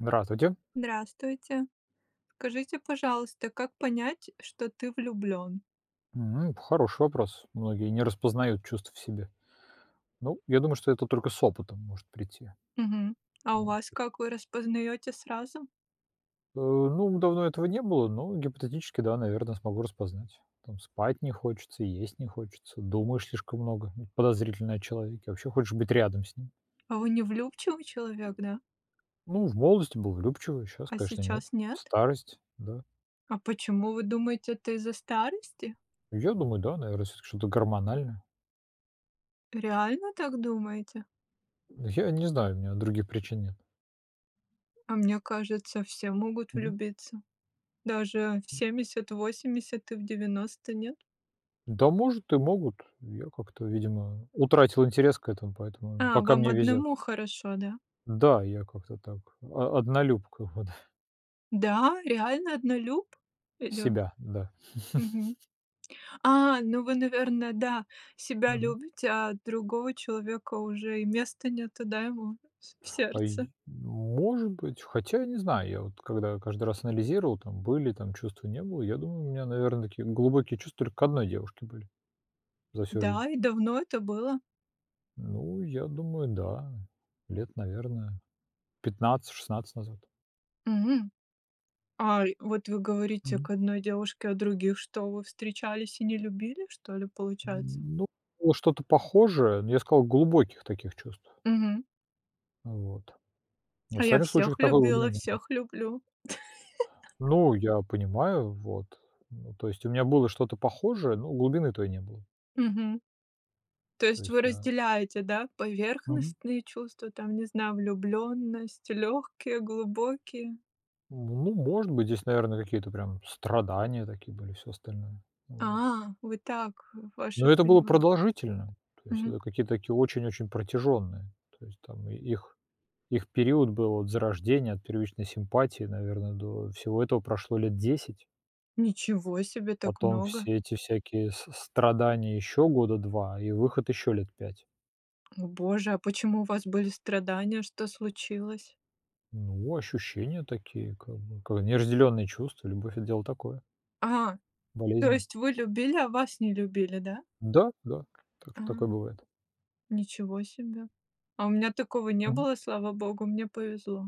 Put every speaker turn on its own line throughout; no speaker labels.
Здравствуйте!
Здравствуйте! Скажите, пожалуйста, как понять, что ты влюблен?
М, хороший вопрос. Многие не распознают чувств в себе. Ну, я думаю, что это только с опытом может прийти.
Мгм, а у
Ну
вас
от
как? Вы распознаете сразу?
Э, ну, давно этого не было, но гипотетически, да, наверно, смогу распознать. Там спать не хочется, есть не хочется, думаешь слишком много подозрительно о человеке, вообще хочешь быть рядом с ним.
А вы невлюбчивый человек, да?
Ну, в молодости был влюбчивый, щас,
А
конечно, нет.
сейчас нет?
Старость, да.
А почему, вы думаете, это из-за старости?
Я думаю, да, наверно, всё-таки что-то гормональное.
Реально так думаете?
Я не знаю, у меня других причин нет.
А мне кажется, все могут
Мгм.
влюбиться. Даже в
М.
70, в 80 и в 90, нет?
Да может и могут, я как-то, видимо, утратил интерес к этому, поэтому
А,
пока
вам
мне везет.
одному хорошо, да?
Да, я как-то так, о однолюбка, вот.
Да, реально однолюб? И лю
Себя, да.
Мгм, а, ну вы, наверно, да, себя
Мгм.
любите, а другого человека уже и места нету, да, ему в с в сердце.
Ай может быть. Хотя, не знаю, я вот когда каждый раз анализировал, там были там чувства, не было, я думаю, у меня, наверно, такие глубокие чувства только к одной девушке были за всю жизнь.
Да, и давно это было?
Ну, я думаю, да, лет, наверно, 15-16 назад.
М, ай, вот вы говорите
Мгм.
к одной девушке, а других что вы, встречались и не любили, что ли, получается?
Ну, было что-то похожее, ну, я сказал, глубоких таких чувств.
Мгм.
Вот. В
А я
остальных случаях
всех
такой глубины
любила,
не было.
всех люблю!
Ну, я понимаю, вот. Ну, то есть у меня было что-то похожее, но глубины той не было.
Мгм. То
То
есть вы
есть я
разделяете, да,
Мгм.
поверхностные чувства, там, не знаю, влюбленность, лёгкие, глубокие.
Ну, может быть, здесь, наверное, какие-то прям страдания такие были, всё остальное. Вот.
А, вы так, ваше
Но это было
понимание.
продолжительно, то есть
Мгм.
это какие-то такие очень-очень протяженные. То есть там и их их период был от зарождения, от первичной симпатии, наверное, до всего этого прошло лет 10.
Ничего себе! Так
Потом
много!
все эти всякие с страдания ещё года 2 и выход ещё лет 5.
О Боже, а почему у вас были страдания? Что случилось?
Ну, ощущения такие, как бы, как неразделенные чувства. Любовь- это дело такое.
А, то
Болезненно.
есть вы любили, а вас не любили, да?
Да, да, так
А,
что такое бывает.
ничего себе! А у меня такого не
Мгм.
было, слава богу, мне повезло.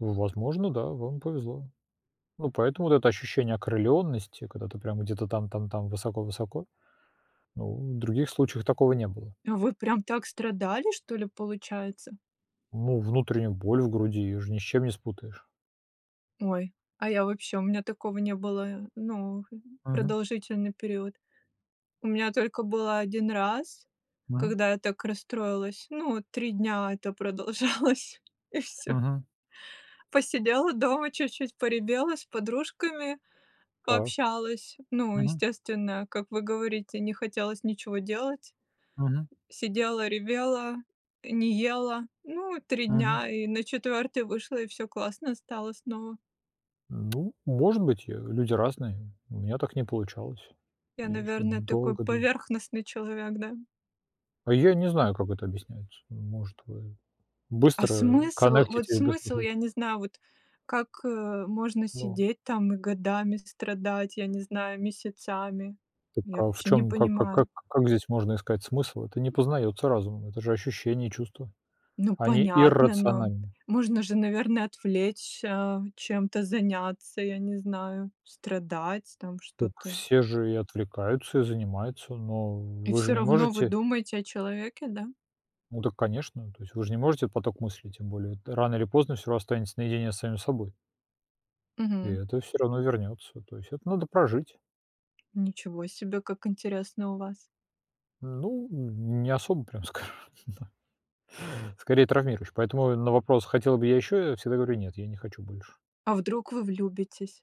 Возможно, да, вам повезло. Ну, поэтому вот это ощущение окрылённости, когда ты прямо где-то там там там высоко-высоко, ну в других случаях такого не было.
Вы прям так страдали что ли, получается?
Ну, внутреннюю боль в груди, её же ни с чем не спутаешь.
Ой, а я вообще, у меня такого не было, ну,
Мгм.
продолжительный период. У меня только было 1 раз,
Мгм.
когда я так расстроилась. Ну, 3 дня это продолжалось, и всё.
Мгм.
Посидела дома чуть-чуть поревела, с подружками
Так,
пообщалась. Ну,
мгм.
естественно, как вы говорите, не хотелось ничего делать.
Мгм.
Сидела ревела не ела, ну 3
Мгм.
дня, и на 4 вышла, и всё классно стало снова.
Ну, может быть, э, люди разные, у меня так не получалось.
Я,
Я ещё
наверно, такой
долго дыль
поверхностный человек, да?
А я и не знаю, как это объясняется. Может, вы
А
быстро
смысл, вот
коннектитесь быстро
смысл,
хоть.
я не знаю, вот как, э, можно
Но.
сидеть там и годами страдать, я не знаю, месяцами,
Так,
я
а в
вообще не
чём, как как как
понимаю.
как здесь можно искать смысл? Это не познаётся разумом, это же ощущения, чувства,
Ну
они
понятно, но
иррациональны.
можно же наверное отвлечься, чем-то заняться, я не знаю, страдать там
Так
что-то.
все же и отвлекаются, и занимаются, но
И
вы же
всё
не
равно вы
можете
думаете о человеке, да?
ну, так конечно, то есть вы ж не можете поток мыслей, тем более рано или поздно всё ра останется наедине с самим собой. И
Мгм.
это всё равно вернётся, то есть это надо прожить.
Ничего себе, как интересно у вас.
Ну, не особо прям, скажу, да, скорее травмируешь. Поэтому и на вопрос хотел бы я ещё? Я всегда говорю: "Нет, я не хочу больше".
А вдруг вы влюбитесь?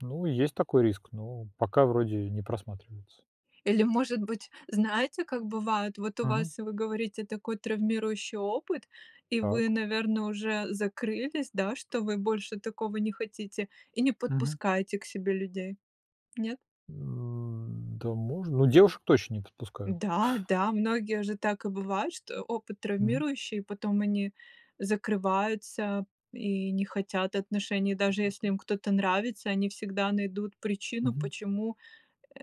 Ну, и есть такой риск, но пока вроде не просматривается.
Или, может быть, знаете, как бывает? Вот у
Мгм.
вас, вы говорите, такой травмирующий опыт, и вы,
Так.
наверно, уже закрылись, да, что вы больше такого не хотите и не
Мгм.
подпускаете к себе людей. Нет?
М, да можно ну, девушек точно не подпускаю к
Да, да, многие же так и бывает, что опыт
Мгм.
травмирующий, потом они закрываются и не хотят отношений. Даже если им
[unintelligible]
кто-то нравится, они всегда найдут причину,
Мгм.
почему,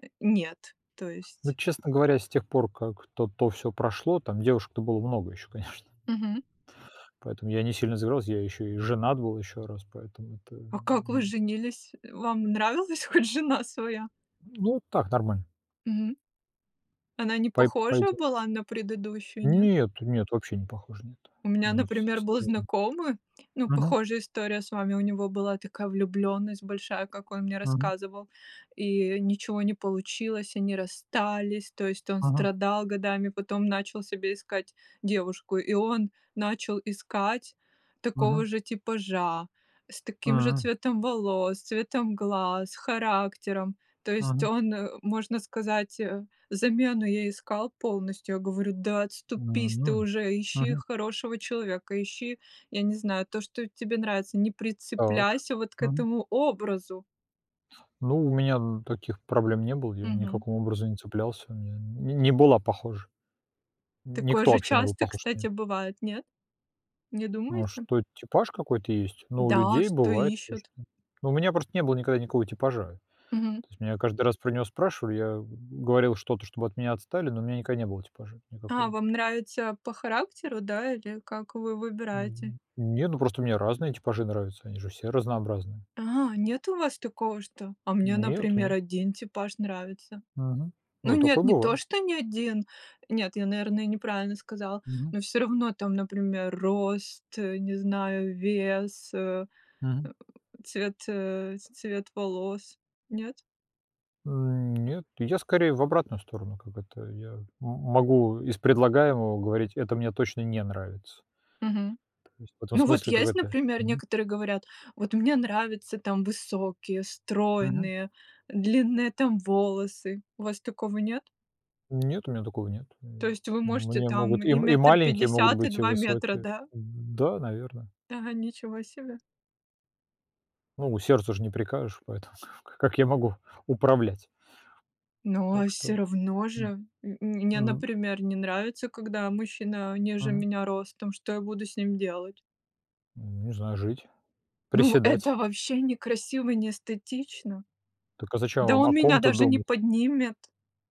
э, нет, то
Ну,
есть.
честно говоря, с тех пор, как то то всё прошло, там девушек-то было много ещё, конечно.
Мгм.
Поэтому я не сильно, [unintelligible] я ещё и женат был ещё раз, поэтому это
А как вы
не
женились? Вам нравилось хоть жена своя?
Ну, так, нормально.
Мгм. Она не
Пай
похожа
пойдёт.
была на предыдущую, нет?
Нет, нет, вообще не похоже на это.
У меня,
Они всь
например,
все
был
разные.
знакомый, ну,
Мгм.
похожая история с вами. У него была такая влюбленность большая, как он мне
Мгм.
рассказывал, и ничего не получилось, они расстались. То есть, он
Мгм.
страдал годами, потом начал себе искать девушку, и он начал искать такого
Мгм.
же типажа, с таким же
М.
цветом волос, цветом глаз, характером. То есть
Мгм.
он, э, можно сказать, э, замену ей искал полностью. Я говорю: "Да отступись ты
М,
уже, ищи
мгм.
хорошего человека, ищи, я не знаю, то, что тебе нравится. Не
Так,
прицепляйся вот к
мгм.
этому образу".
Ну, у меня н таких проблем не было, я
Мгм.
никаком образом не цеплялся, я не не была похожа,
Такое
никто
же
вообще не был
часто,
похож на неё.
кстати, бывает, нет? Не
А
думаете?
что, типаж какой-то есть, но у
Да, а
людей
что
бывает,
ищут?
конечно. Ну у меня просто не было никогда никакого типажа.
Мгм.
То есть меня каждый раз про него спрашивали, я говорил что-то, чтобы от меня отстали, но у меня никогда не было типажа
А,
никакого.
вам нравится по характеру, да, или как вы выбираете?
Мгм, нет, ну просто мне разные типажи нравятся, они же все разнообразные.
А, нет у вас такого, что а мне,
Нет,
например,
нет.
один типаж нравится.
Мгм,
Ну
ну,
нет,
такое
не то
бывает.
что ни один, нет, я, наверное, неправильно сказала,
Мгм.
но всё равно там, например, рост, э, не знаю, вес, э,
Мгм.
э, цвет, э, цвет волос, нет?
М, нет, я скорее в обратную сторону. Как это, я м могу из предлагаемого говорить: это мне точно не нравится.
Мгм.
То есть в этом
Ну вот
смысле,
есть,
какая-то
например,
мгм.
некоторые говорят: "Вот мне нравится там высокие,
Мгм.
стройные, длинные там волосы". У вас такого нет?
Нет, у меня такого нет.
То
М,
есть вы можете
мне
там
могут и
и
м
метр
маленькие могут
пятьдесят, и
быть, и
2 метра,
высокие.
да?
Да, наверно.
Да, ничего себе!
Ну, сердцу ж не прикажешь, поэтому ка как я могу управлять?
Но
Так
всё
что,
равно же
м,
м мне,
м.
например, не нравится, когда мужчина ниже
Мгм.
меня ростом, что я буду с ним делать?
Не знаю, жить,
Ну в это
приседать.
вообще не красиво и не эстетично.
Так а зачем
Да
вам о
он меня
ком-то
даже не
думать?
поднимет.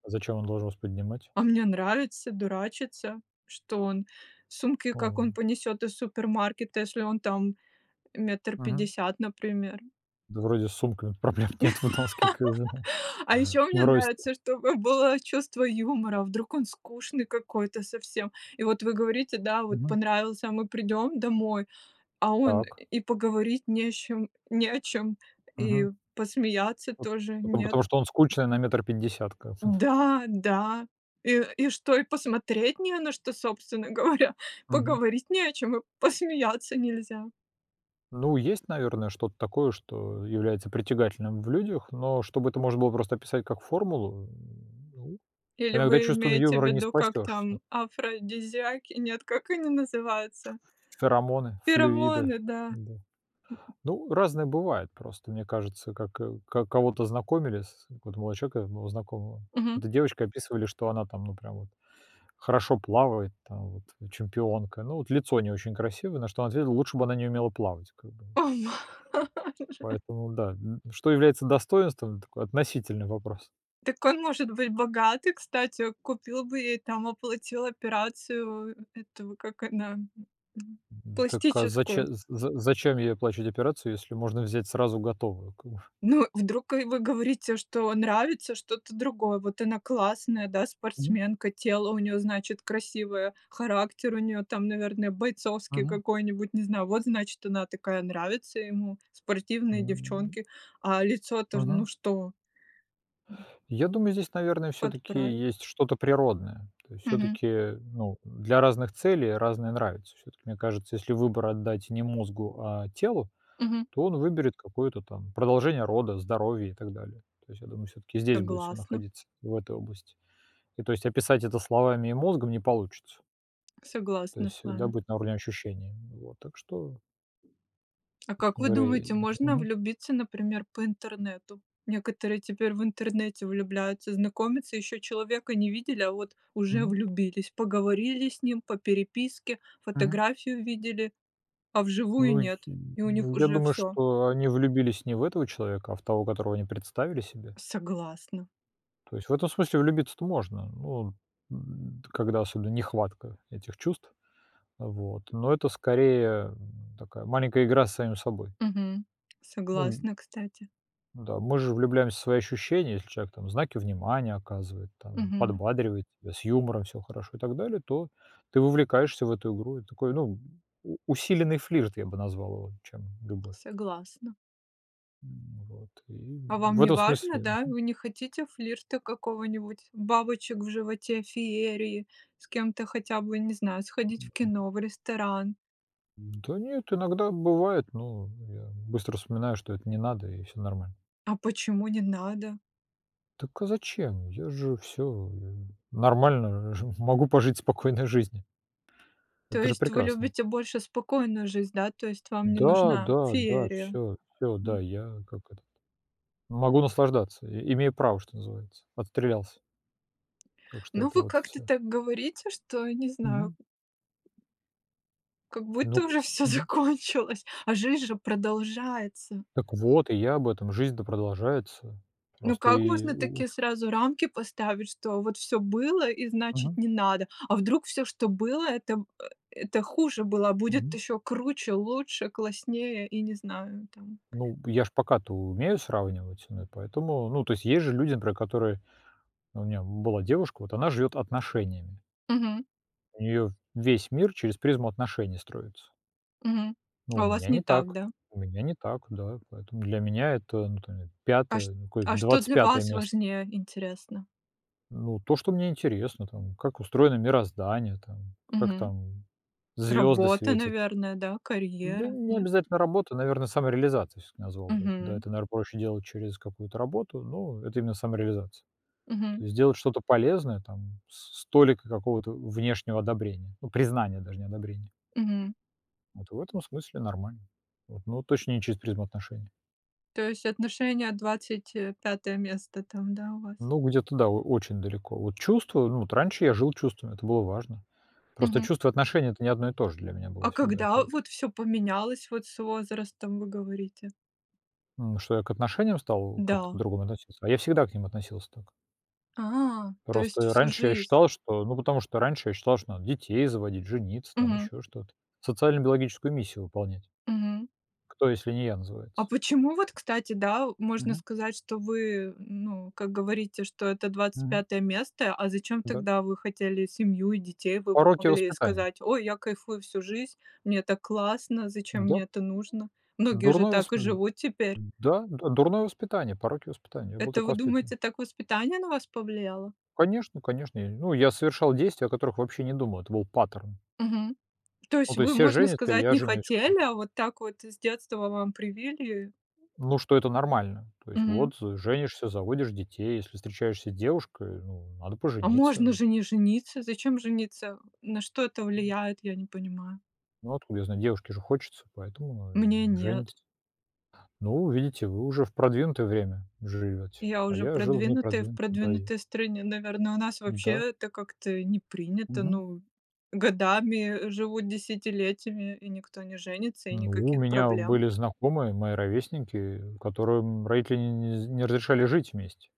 А зачем он должен вас поднимать?
А мне нравится дурачиться, что он сумки как он
Ом
понесёт из супермаркета, если он там метр
Мгм.
пятьдесят, например.
Да вроде с сумками-то проблем нет в в носке как бы, ну
А ещё мне
в росте.
нравится, чтобы было чувство юмора, вдруг он скучный какой-то совсем. И вот вы говорите, да, вот
Мгм.
понравился, а мы придём домой, а он
Так.
и поговорить не с чем не о чём и
Мгм.
посмеяться
Вот,
тоже
потом потому
нет.
что он скучный на метр пятьдесят, как бы, да.
Да, да! И и что, и посмотреть не на что, собственно говоря,
Мгм.
поговорить не о чем, и посмеяться нельзя?
Ну, есть, наверное, что-то такое, что является притягательным в людях, но чтобы это можно было просто описать как формулу, ну
Или
иногда
вы
чувством
имеете
юмора не
ввиду, как там,
спасешься.
афродизиаки? Нет, как они называются?
Ферамоны, флюиды,
Феромоны, да?
да. Ну, разное бывает просто, мне кажется, как, э, ка кого-то знакомили с вот у молодого человека моего знакомого,
Мгм.
какой-то девочкой описывали, что она там ну прям вот хорошо плавает, там вот чемпионка, ну вот лицо не очень красивое, на что он ответил: "Лучше бы она не умела плавать, как бы".
О!
Поэтому да, н что является достоинством- такой относительный вопрос.
Так он может быть богатый, кстати, купил бы ей там, оплатил операцию, эту как она
Мгм. Так, а
пластическую.
заче з з зачем ей оплачивать операцию, если можно взять сразу готовую, как бы.
Ну вдруг и вы говорите, что нравится что-то другое. Вот она классная, да,
Мгм.
спортсменка, тело у неё значит красивое, характер у неё там, наверное, бойцовский
Мгм.
какой-нибудь, не знаю. Вот значит она такая нравится ему, спортивные
М.
девчонки. А лицо-то, ну
Мгм.
что. М.
Я думаю, здесь, наверное, всё-таки
Подправит.
есть что-то природное. То есть
Мгм.
всё-таки, ну, для разных целей разные нравятся. Всё-таки мне кажется, если выбор отдать не мозгу, а телу,
Мгм.
то он выберет какое-то там продолжение рода, здоровье, и так далее. То есть я думаю, всё-таки здесь будет всё
Согласна.
находиться, в этой области. И, то есть описать это словами и мозгом не получится. То
Согласна
есть
с
всегда
вами.
быть на уровне ощущений. Вот, так что
А как
Собственно
вы
говоря, я и
думаете,
лез
можно
мгм.
влюбиться, например, по интернету? Некоторые теперь в интернете влюбляются, знакомятся, ещё человека не видели, а вот уже
Мгм.
влюбились, поговорили с ним по переписке,
Мгм.
фотографию видели, а вживую
Ну, й
нет! И у них
ну я
уже
думаю,
всё.
что они влюбились не в этого человека, а в того, которого они представили себе.
Согласна.
То есть в этом смысле влюбиться-то можно, но, э, т когда особенно нехватка этих чувств, вот, но это скорее, м, такая маленькая игра с самим собой.
Мгм,
Ну м
согласна, кстати.
Ну да, мы же влюбляемся в свои ощущения, если человек там знаки внимания оказывает, там
Мгм.
подбадривает тебя, с юмором всё хорошо и так далее, то ты вовлекаешься в эту игру. И такой, ну, у усиленный флирт, я бы назвал его, чем любовь.
Согласна.
М, вот, и
А вам
в этом
неважно,
смысле,
да?
мгм.
Вы не хотите флирта какого-нибудь, бабочек в животе, феерии, с кем-то хотя бы, не знаю, сходить в
Мгм.
кино, в ресторан.
Да нет, иногда бывает, но я быстро вспоминаю, что это не надо, и всё нормально.
А почему не надо?
Так а зачем? Я же всё нормально, жив могу пожить спокойной жизнью.
То
Это же
есть вы
прекрасно.
любите больше спокойную жизнь, да, то есть вам не
Да,
нужна
да, да,
феерия?
всё, всё, да,
М.
я как этот, могу наслаждаться, и имею право, что называется, отстрелялся. Так что
Ну
это
вы
вот
как-то
всё.
так говорите, что, не знаю.
Мгм.
Как будто
Ну,
уже всё
мгм.
закончилось, а жизнь же продолжается.
Так вот, и я об этом, жизнь-то продолжается,
Ну
просто
как
и
можно
у у
такие сразу рамки поставить, что вот всё было, и значит
Мгм.
не надо, а вдруг всё, что было, это э это хуже было, а будет
Мгм.
ещё круче, лучше, класснее, и не знаю там.
Ну, я ж пока-то умею сравнивать, ну и поэтому Ну, то есть, есть же люди, например, которые У меня была девушка, вот она живет отношениями.
Мгм.
У неё весь мир через призму отношений строится.
Мгм.
Ну, у
А у вас
меня
не
не
так,
так,
да?
у меня не так, да, поэтому для меня это ну там я,
А чт
5, ну какое,
а что
двадцать
для
пятое
вас
место.
важнее, интересно?
Ну, то, что мне интересно там, как устроено мироздание там, как
Мгм.
там звёзды
Работа,
светят.
наверное, да,
Да
карьера,
не
нет?
обязательно работа, наверно, самореализацией всё-таки назвал бы. Да,
Мгм.
это, наверно, проще делать через какую-то работу, но это именно самореализация. То
Мгм.
есть делать что-то полезное, там с с толикой какого-то внешнего одобрения, ну признания даже, не одобрения.
Мгм.
Вот в этом смысле нормально. Вот. Но вот точно не через призму отношений.
То есть отношения 25 место там, да, у вас?
Ну где-то да о очень далеко. Вот чувства, ну вот раньше я жил чувствами, это было важно. Просто
Мгм.
чувства и отношения- это не одно и то же для меня было
А
всегда это
когда
это.
вот всё поменялось вот с возрастом, вы говорите?
Ну что я к отношениям стал как-то
Да.
по-другому относиться. А я всегда к ним относился так.
А, то есть
Просто я
всю
раньше я
жизнь?
считал, что ну, потому что раньше я считал, что надо детей заводить, жениться там,
Мгм.
ещё что-то, социально-биологическую миссию выполнять.
Мгм.
Кто, если не я
А
называется?
почему вот, кстати, да, можно
Мгм.
сказать, что вы ну как говорите, что это двадцать
Мгм.
пятое место. А зачем
Да.
тогда вы хотели семью и детей, вы бы
Пороки
могли
воспитания.
сказать: "Ой, я кайфую всю жизнь, мне так классно, зачем
Да.
мне это нужно?" Многие же
Дурное
так
восп
и
д
живут теперь.
да, д дурное воспитание, пороки воспитания, я был
Это
так
вы
воспитан.
думаете, так воспитание на вас повлияло?
Конечно, конечно, я не ну я совершал действия, о которых вообще не думал, это был паттерн.
Мгм. То
Ну,
есть
то есть
вы
все
можно
женятся, и
сказать
я
не
женюсь, как бы.
хотели, а вот так вот с детства вам привили?
Ну, что это нормально. То есть
Мгм.
вот, э, женишься, заводишь детей, если встречаешься с девушкой, ну надо
А можно
пожениться.
же не жениться! Зачем жениться? На что это влияет, я не понимаю?
Ну откуда я знаю, девушке же хочется, поэтому ну,
Мне
э,
нет.
женится. Ну, видите, вы уже в продвинутое время живёте,
Я
а
уже
я жил в
продвинутая, в
непродвинутое, да и
продвинутой стране. Наверно, у нас вообще
Да.
это как-то не принято,
Мгм.
ну, годами живут десятилетиями, и никто не женится, и
Ну у
никаких
меня
проблем.
были знакомые, мои ровесники, которым родители не не з не разрешали жить вместе.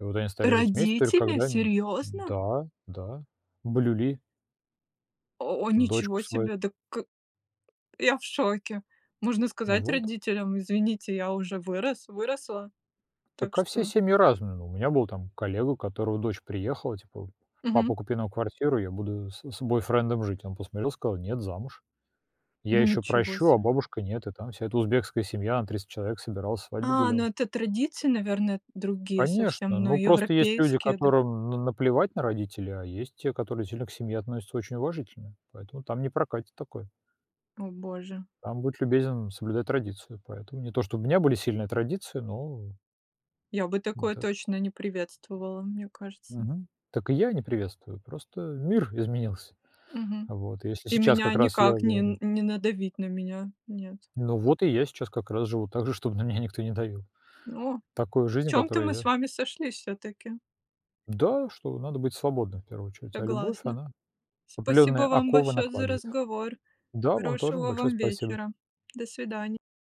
И вот они стали жить вместе только
Родители,
когда они...
серьёзно?
да, да, блюли
О о,
дочку
ничего
свою.
себе. Д к я в шоке. Можно сказать
Вот.
родителям: извините, я уже вырос, выросла, так
Так, а все
что
семьи разные. Ну у меня был там коллега, у которого дочь приехала, типа:
Мгм.
"Папа купи нам квартиру, я буду с с бойфрендом жить". Он посмотрел, сказал: "Нет, замуж. Я ещё
Ничего
прощу, а
себе.
бабушка нет". И там вся эта узбекская семья, на 300 человек собиралась, свадьбу
А, ну
гуляла.
это традиции, наверное, другие
Конечно,
совсем, но
ну, просто есть люди,
европейские до
которым на наплевать на родителей, а есть те, которые сильно к семье относятся очень уважительно, поэтому там не прокатит такое.
О боже.
Там будь любезен соблюдай традицию, поэтому не то, чтобы у меня были сильные традиции, ну
Я бы
вот
такое
так.
точно не приветствовала, мне кажется.
Мгм. Так и я не приветствую, просто мир изменился,
Мгм.
вот. И если
И
сейчас
меня
как раз я
никак не
говорю
не надавить на меня, нет.
Ну вот, и я сейчас как раз живу так же, чтобы на меня никто не давил.
О. В
Такую жизнь,
чём-то
которую
мы с
я
вами сошлись всё-таки.
Да, что надо быть свободным в первую очередь, а любовь,
Согласна.
она
Спасибо
определённые
вам
оковы
большое за
накладывает.
разговор.
Да, вам тоже
Хорошего
большое
вам
спасибо.
вечера. До свиданья.